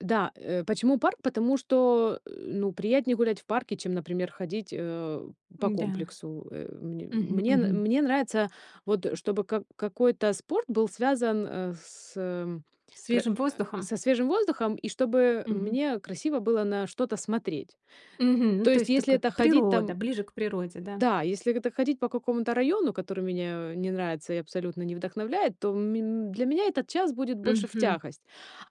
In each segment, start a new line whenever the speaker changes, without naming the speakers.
Да, э, почему парк? Потому что, ну, приятнее гулять в парке, чем, например, ходить, э, по
М-да.
комплексу. Э, мне
Мгм,
мне н
мгм.
мне нравится, вот, э, чтобы как какой-то спорт был связан, э, с м кр
Свежим
э,
воздухом?
со свежим воздухом, и чтобы
Мгм.
мне красиво было на что-то смотреть.
Мгм.
То
То
есть,
есть так
если
вот
это ходить
природа,
там
ближе к природе, да?
Да, если это так ходить по какому-то району, который меня не нравится и абсолютно не вдохновляет, то ме для меня этот час будет больше в
Мгм.
тягость.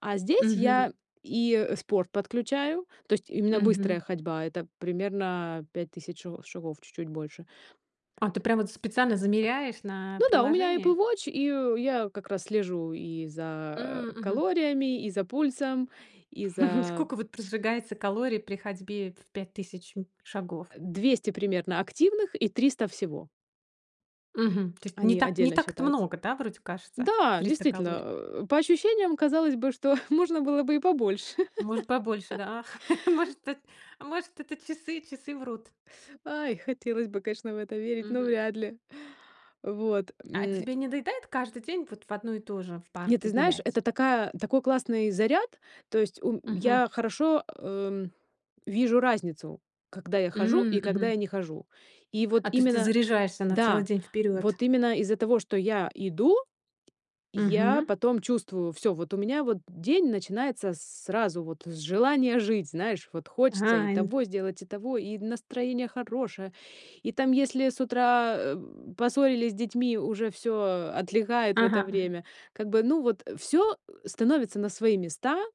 А здесь
Мгм.
я и, э, спорт подключаю, то есть именно
Мгм.
быстрая ходьба, это примерно 5 000 шаго шагов, чуть-чуть больше.
А, ты прямо вот специально замеряешь на
Ну да, у меня Apple
приложении?
Watch, и я как раз слежу и за,
М,
э,
мгм.
калориями, и за пульсом, и за
Сколько, вот, прожигается калорий при ходьбе в 5 000, м, шагов?
200 примерно активных и 300 всего.
Мгм, то есть не
Они
так не
отдельно
так это
считаются.
много, да, вроде кажется,
Да,
300 калорий.
действительно, э, по ощущениям казалось бы, что можно было бы и побольше.
Может, побольше, да? Может, эт может, это часы часы врут.
Ой, хотелось бы, конечно, в это верить, но
Мгм.
вряд ли. Вот.
А
М.
тебе не доедает каждый день вот в одно и то же в
Нет,
парке
ты знаешь,
гулять?
это такая такой классный заряд, то есть, у
Мгм.
я хорошо, эм, вижу разницу, когда я хожу
М,
и когда
мгм.
я не хожу. И вот
А, то есть ты
именно
заряжаешься на целый
да,
день вперёд?
вот именно из-за того, что я иду, я
Мгм.
потом чувствую: всё, вот у меня, вот день начинается сразу, вот с желания жить, знаешь, вот хочется и
Хайн
того сделать, и того, и настроение хорошее, и там, если с утра, эм, поссорились с детьми, уже всё отлегает в это
Ага, ага.
время. Как бы, ну, вот, э, всё, э, становится на свои места.